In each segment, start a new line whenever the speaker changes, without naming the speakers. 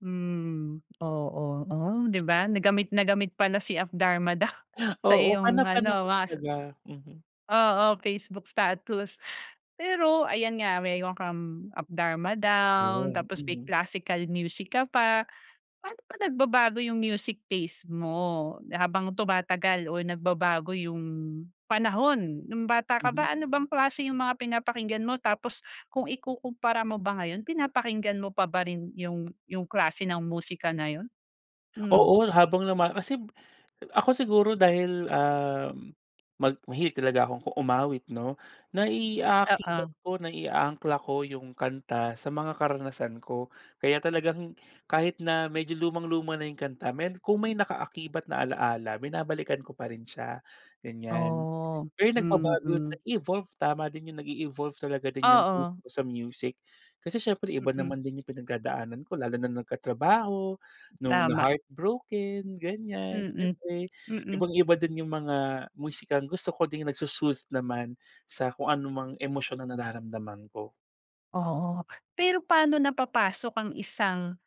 Hmm, oo. Oh, 'di ba na gamit na gamit pala si Up Dharma Down sa
Oo, fan na
iyong
fan
ano
ako
mas
talaga. Mhm.
oo, Facebook status. Pero ayan nga meron kang Up Darma Down,
Yan,
tapos may
mhm.
classical music ka pa. Paano ba nagbabago yung music taste mo habang tumatagal o nagbabago yung panahon? No'ng bata ka
Mhm.
ba ano bang klase yung mga pinapakinggan mo tapos kung ikukumpara mo ba ngayon pinapakinggan mo pa ba rin yung yung klase ng musika na yun? Hmm.
Oo, habang lumal kasib ako siguro dahil, um, mag mahilig talaga akong ku umawit 'no.
Oo.
Nai-aakibat ko, nai-aangkla ko yung kanta sa mga karanasan ko. Kaya talagang kahit na medyo lumang-luma na yung kanta may kung may naka-akibat na alaala, binabalikan ko pa rin siya, ganyan.
Oo,
Pero nagbabago,
mm.
na-evolve, tama din yung nag-e-evolve talaga din yung taste
Oo.
ko sa music. Kasi siyempre iba
Mm.
naman din yung pinagdadaanan ko, lalo na nagkatrabaho, nung
Tama.
na-heartbroken, ganyan,
Mm,
siyempre
mm.
ibang-iba din yung mga musikang gusto ko ding nagso-soothe naman sa kung anumang emosyon na nararamdaman ko.
Oo. Pero paano napapasok ang isang,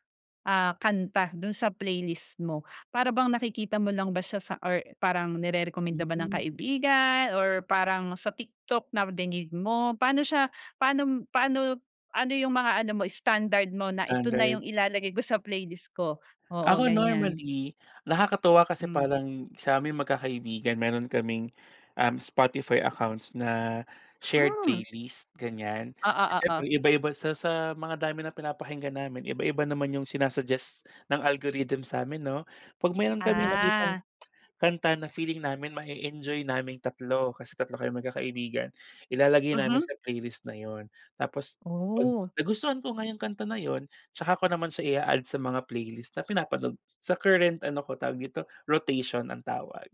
ah, kanta dun sa playlist mo? Para bang nakikita mo lang ba siya sa or parang nire-rekomenda ba ng
Mm.
kaibigan or parang sa TikTok na dinig mo. Paano siya, paano paano, ano yung mga ano mo standard mo na ito na
Standard.
yung ilalagay ko sa playlist ko? Oo,
Ako
ganyan.
normally, nakakatuwa kasi
Hmm.
parang sa'ming magkakaibigan meron kaming, um, Spotify accounts na shared
Hmm.
playlist, ganyan.
Oo, oo.
Siyempre iba-iba sa sa mga dami ng pinapakinggan namin, iba-iba naman yung sina-suggest ng algorithm sa'min 'no. Pag meron kami nakitang
Ah.
kanta na feeling namin ma-e-enjoy naming tatlo, kasi tatlo kaming magkakaibigan, ilalagay namin
Mhm.
sa playlist na yun. Tapos 'pag
Oh.
nagustuhan ko nga yung kanta na yun, 'tsaka ko naman siya i-a-add sa mga playlist na pinapanood sa current ano ko, tawag dito, rotation ang tawag.